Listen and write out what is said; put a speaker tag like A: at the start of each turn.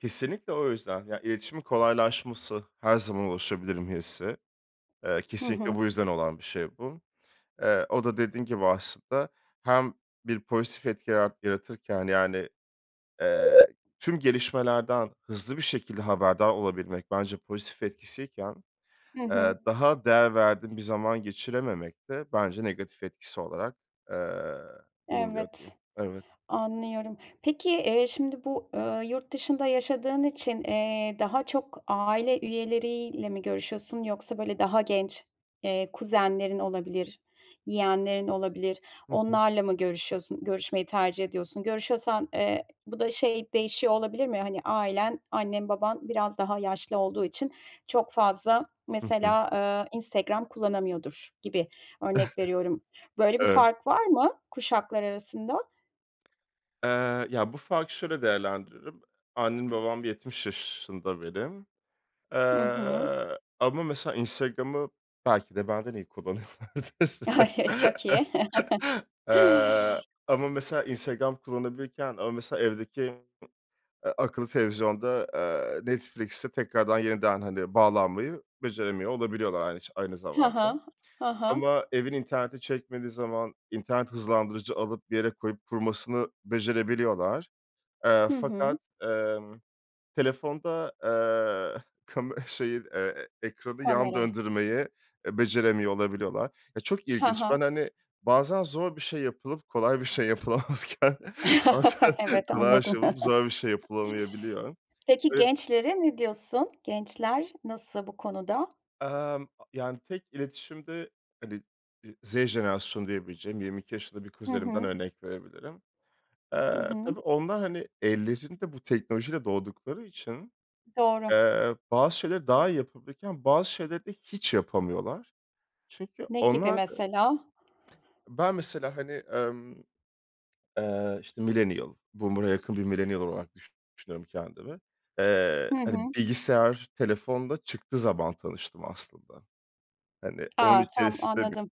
A: Kesinlikle, o yüzden. Ya, iletişimin kolaylaşması, "Her zaman ulaşabilirim." hissi. Eee,
B: Hı
A: kesinlikle,
B: hı.
A: bu yüzden olan bir şey bu. Eee, o da dediğim gibi, aslında hem bir pozitif etki yarat yaratırken, yani, eee, tüm gelişmelerden hızlı bir şekilde haberdar olabilmek, bence pozitif etkisiyken,
B: Hı
A: eee,
B: hı.
A: daha değer verdiğim bir zaman geçirememek de, bence negatif etkisi olarak, eee, bulunuyor diyeyim.
B: Evet,
A: Evet.
B: anlıyorum. Peki, eee, şimdi bu, ııı, yurt dışında yaşadığın için, eee, daha çok aile üyeleriyle mi görüşüyorsun, yoksa böyle daha genç, eee, kuzenlerin olabilir, yeğenlerin olabilir,
A: Hı hı.
B: onlarla mı görüşüyorsun, görüşmeyi tercih ediyorsun? Görüşüyorsan, eee, bu da, şey değişiyor olabilir mi? Hani, ailen, annen, baban biraz daha yaşlı olduğu için, çok fazla,
A: Hı hı.
B: mesela, eee, Instagram kullanamıyordur, gibi, örnek veriyorum. Böyle bir
A: Evet.
B: fark var mı kuşaklar arasında?
A: Eee, ya bu farkı şöyle değerlendiririm. Annem, babam 70 yaşında benim,
B: Hı hı.
A: eee, ama ,mesela, Instagram'ı belki de benden iyi kullanıyorlardır.
B: A, ş çok iyi.
A: Eee, ama, mesela, Instagram kullanabilirken, ama mesela evdeki, eee, akıllı televizyonda, eee, Netflix'e tekrardan, yeniden, hani, bağlanmayı beceremiyor olabiliyorlar, aynı ç aynı
B: Ha ha.
A: zamanda,
B: Ha ha.
A: ama evin interneti çekmediği zaman internet hızlandırıcı alıp, bir yere koyup, kurmasını becerebiliyorlar, eee,
B: Hı hı.
A: fakat, emm, telefonda, eee, kame şeyi, eee, eee, ekranı yan
B: Kamerayı.
A: döndürmeyi, eee, beceremiyor olabiliyorlar. Ya çok
B: Ha
A: ilginç, ben,
B: ha.
A: hani, bazen zor bir şey yapılıp, kolay bir şey yapılamazken, bazen
B: Evet,
A: kolay bir şey
B: anladım.
A: olup, zor bir şey yapılamayabiliyor.
B: Peki,
A: Evet.
B: gençlere ne diyorsun? Gençler nasıl bu konuda?
A: Emm, yani tek iletişimde hani, eee, Z jenerasyonu diyebileceğim 22 yaşında bir
B: Hı
A: kuzenimden
B: hı.
A: örnek verebilirim.
B: Hı
A: Eee,
B: hı.
A: tabii, onlar, hani, ellerinde bu teknolojiyle doğdukları için,
B: Doğru.
A: eee, bazı şeyleri daha iyi yapabilirken, bazı şeyleri de hiç yapamıyorlar. Çünkü,
B: Ne gibi
A: onlar da
B: mesela?
A: Ben mesela, hani, emm, eee, işte, millennial boomer'a yakın bir millennial olarak düşü düşünüyorum kendimi, eee,
B: Hı
A: hani,
B: hı.
A: bilgisayar, telefon da çıktığı zaman tanıştım aslında. Hani, onun
B: A, tamam.
A: içerisinde bü
B: anladım.